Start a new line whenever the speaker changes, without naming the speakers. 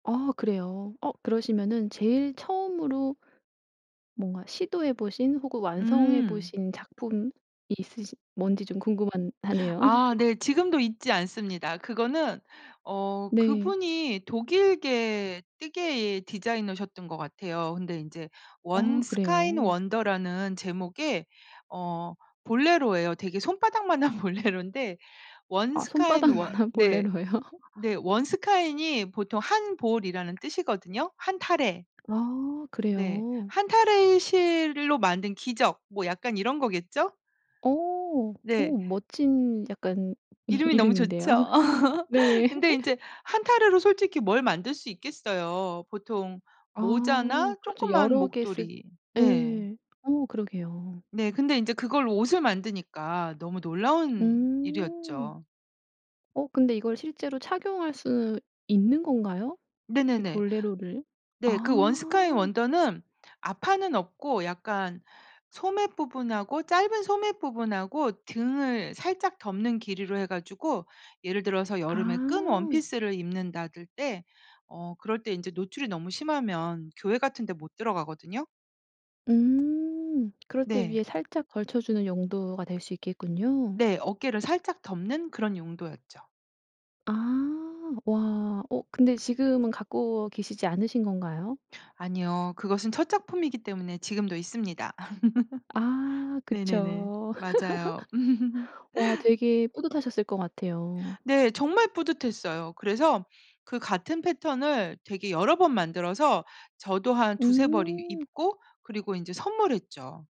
아 그래요? 어 그러시면은 제일 처음으로 뭔가 시도해 보신 혹은 완성해
음.
보신 작품이 있으신 뭔지 좀 궁금한 하네요.
아 네. 지금도 잊지 않습니다. 그거는 어
네.
그분이 독일계 뜨개 디자이너셨던 것 같아요. 근데 이제 원
어
스카인
그래요?
원더라는 제목의 어 볼레로예요. 되게 손바닥만 한 볼레로인데 원
아
스카인 원
손바닥만한
네.
볼레로요?
네 원 스카인이 보통 한 볼이라는 뜻이거든요. 한 타래.
아
네.
그래요?
한 타래의 실로 만든 기적 뭐 약간 이런 거겠죠?
어. 어
네.
멋진 약간 이
이름이 너무
이름인데요.
좋죠.
네.
근데 인제 한 타래로 솔직히 뭘 만들 수 있겠어요. 보통
아
모자나
그렇죠.
조그만
여러 개 쓰
목도리. 네.
예. 어 그러게요.
네 근데 인제 그걸로 옷을 만드니까 너무 놀라운
음.
일이었죠.
어 근데 이걸 실제로 착용할 수 있는 건가요? 이
네네네.
볼레로를.
네. 그 원 스카인
아.
원더는 앞판는 없고 약간 소매 부분하고 짧은 소매 부분하고 등을 살짝 덮는 길이로 해 가지고 예를 들어서 여름에 끈
아.
원피스를 입는다들 때 어 그럴 때 이제 노출이 너무 심하면 교회 같은 데 못 들어가거든요.
음. 그럴 때
네.
위에 살짝 걸쳐 주는 용도가 될 수 있겠군요.
네 어깨를 살짝 덮는 그런 용도였죠.
아. 와 어 근데 지금은 갖고 계시지 않으신 건가요?
아니요. 그것은 첫 작품이기 때문에 지금도 있습니다.
아
네네네.
그쵸.
맞아요.
와 되게 뿌듯하셨을 것 같아요.
네 정말 뿌듯했어요. 그래서 그 같은 패턴을 되게 여러 번 만들어서 저도 한 2-3벌 이
음.
입고 그리고 이제 선물했죠.